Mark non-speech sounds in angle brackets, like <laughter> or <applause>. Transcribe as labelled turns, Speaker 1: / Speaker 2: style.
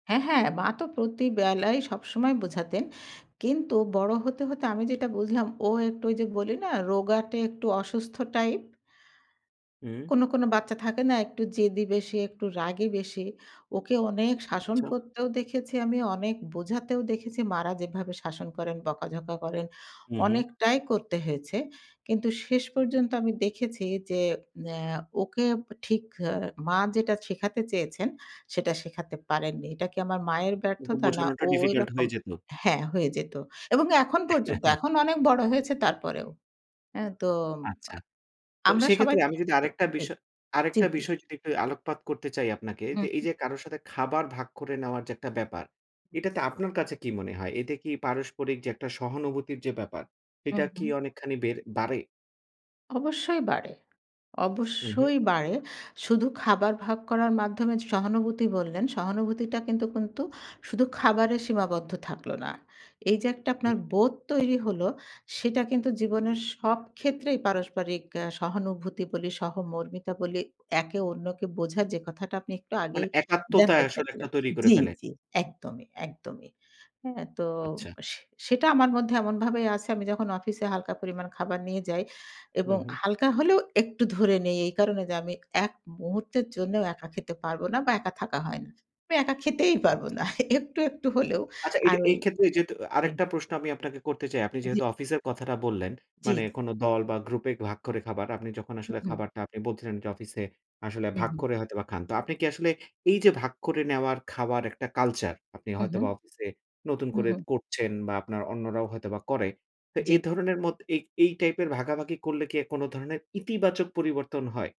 Speaker 1: হ্যাঁ, হ্যাঁ, মা তো প্রতি বেলাই, সবসময় বোঝাতেন। কিন্তু বড়ো হতে, হতে আমি যেটা বুঝলাম, ও একটু ওই যে বলি না, রোগাটা একটু অসুস্থ টাইপ?
Speaker 2: হুম।
Speaker 1: কোনো, কোনো বাচ্চা থাকে না, একটু জেদি বেশি, একটু রাগী বেশি? ওকে অনেক শাসন
Speaker 2: আচ্ছা।
Speaker 1: করতেও দেখেছি আমি, অনেক বোঝাতেও দেখেছি, মা'রা যেভাবে শাসন করেন, বকাঝকা করেন,
Speaker 2: হুম, হুম।
Speaker 1: অনেকটাই করতে হয়েছে। কিন্তু শেষ পর্যন্ত আমি দেখেছি যে, অ্যা ওকে ঠিক অ্যা মা যেটা শিখাতে চেয়েছেন? সেটা শেখাতে পারেননি। এটা কি আমার মায়ের
Speaker 2: কিন্তু
Speaker 1: ব্যর্থতা না
Speaker 2: বোঝানোটা
Speaker 1: ও
Speaker 2: ডিফিকাল্ট
Speaker 1: ঐরকম?
Speaker 2: হয়ে যেত।
Speaker 1: হ্যাঁ, হয়ে যেত। এবং এখন পর্যন্ত,
Speaker 2: <chuckles>
Speaker 1: এখন অনেক বড় হয়েছে তারপরেও। অ্যা তো
Speaker 2: আচ্ছা। তো
Speaker 1: আমরা সবাই
Speaker 2: সেক্ষেত্রে আমি
Speaker 1: <unintelligible> জ্বী।
Speaker 2: যদি আরেকটা বিষয়
Speaker 1: জ্বী,
Speaker 2: আরেকটা
Speaker 1: জ্বী।
Speaker 2: বিষয় যদি একটু আলোকপাত করতে চাই আপনাকে,
Speaker 1: হুম,
Speaker 2: এই
Speaker 1: হু।
Speaker 2: যে কারো সাথে খাবার ভাগ করে নেওয়ার যে একটা ব্যাপার,
Speaker 1: হুম।
Speaker 2: এটাতে আপনার কাছে কি মনে হয়? এটা কি পারস্পরিক যে একটা সহানুভূতির যে ব্যাপার, এটা
Speaker 1: হুম,
Speaker 2: কি
Speaker 1: হুম।
Speaker 2: অনেকখানি বেড়ে বাড়ে?
Speaker 1: অবশ্যই বাড়ে,
Speaker 2: হুম, হুম।
Speaker 1: অবশ্যই বাড়ে। শুধু খাবার ভাগ করার মাধ্যমে যে সহানুভূতি বললেন, সহানুভূতিটা কিন্তু, কিন্তু শুধু খাবারে সীমাবদ্ধ থাকল না। এই যে একটা আপনার
Speaker 2: হুম।
Speaker 1: বোধ তৈরি হল, সেটা কিন্তু জীবনের সব ক্ষেত্রেই পারস্পরিক অ্যা সহানুভূতি বলি, সহমর্মিতা বলি, একে অন্যকে বোঝার যে কথাটা আপনি একটু
Speaker 2: মানে
Speaker 1: আগেই
Speaker 2: একাত্মতা
Speaker 1: জানতে
Speaker 2: আসলে একটা
Speaker 1: চাইছিলেন
Speaker 2: তৈরি করে
Speaker 1: জ্বি,
Speaker 2: ফেলে?
Speaker 1: জ্বি একদমই, একদমই। হ্যাঁ? তো
Speaker 2: আচ্ছা।
Speaker 1: সে সেটা আমার মধ্যে এমনভাবেই আছে, আমি যখন অফিসে হালকা পরিমাণ খাবার নিয়ে যাই এবং
Speaker 2: হুম, হুম।
Speaker 1: হালকা হলেও একটু ধরে নেই এই কারণে যে, আমি এক মুহূর্তের জন্যও একা খেতে পারব না বা একা থাকা হয় না। আমি একা খেতেই পারবো না।
Speaker 2: আচ্ছা।
Speaker 1: একটু, একটু হলেও
Speaker 2: আচ্ছা,
Speaker 1: আর
Speaker 2: এটা
Speaker 1: ওই
Speaker 2: এই ক্ষেত্রে যেহেতু আ
Speaker 1: জ্বী।
Speaker 2: আরেকটা প্রশ্ন আমি আপনাকে করতে চাই। আপনি
Speaker 1: জ্বি,
Speaker 2: যেহেতু
Speaker 1: বলেন।
Speaker 2: অফিসের কথাটা বললেন,
Speaker 1: জ্বি, জ্বি।
Speaker 2: মানে কোন দল বা গ্রুপে ভাগ করে খাবার। আপনি যখন
Speaker 1: হুম,
Speaker 2: আসলে
Speaker 1: হু।
Speaker 2: খাবারটা আপনি বলছিলেন যে অফিসে, আসলে
Speaker 1: হুম,
Speaker 2: ভাগ
Speaker 1: হুম।
Speaker 2: করে হয়তোবা খান। তো আপনি কি আসলে, এই যে ভাগ করে নেওয়ার, খাবার একটা কালচার, আপনি
Speaker 1: হুম, হুম।
Speaker 2: হয়তোবা অফিসে নতুন
Speaker 1: হুম,
Speaker 2: করে
Speaker 1: হু।
Speaker 2: করছেন বা আপনার অন্যরাও হয়তোবা করে। তো
Speaker 1: জ্বি।
Speaker 2: এই ধরনের মত এ এই টাইপের ভাগাভাগি করলে কি কোনো ধরনের, ইতিবাচক পরিবর্তন হয়?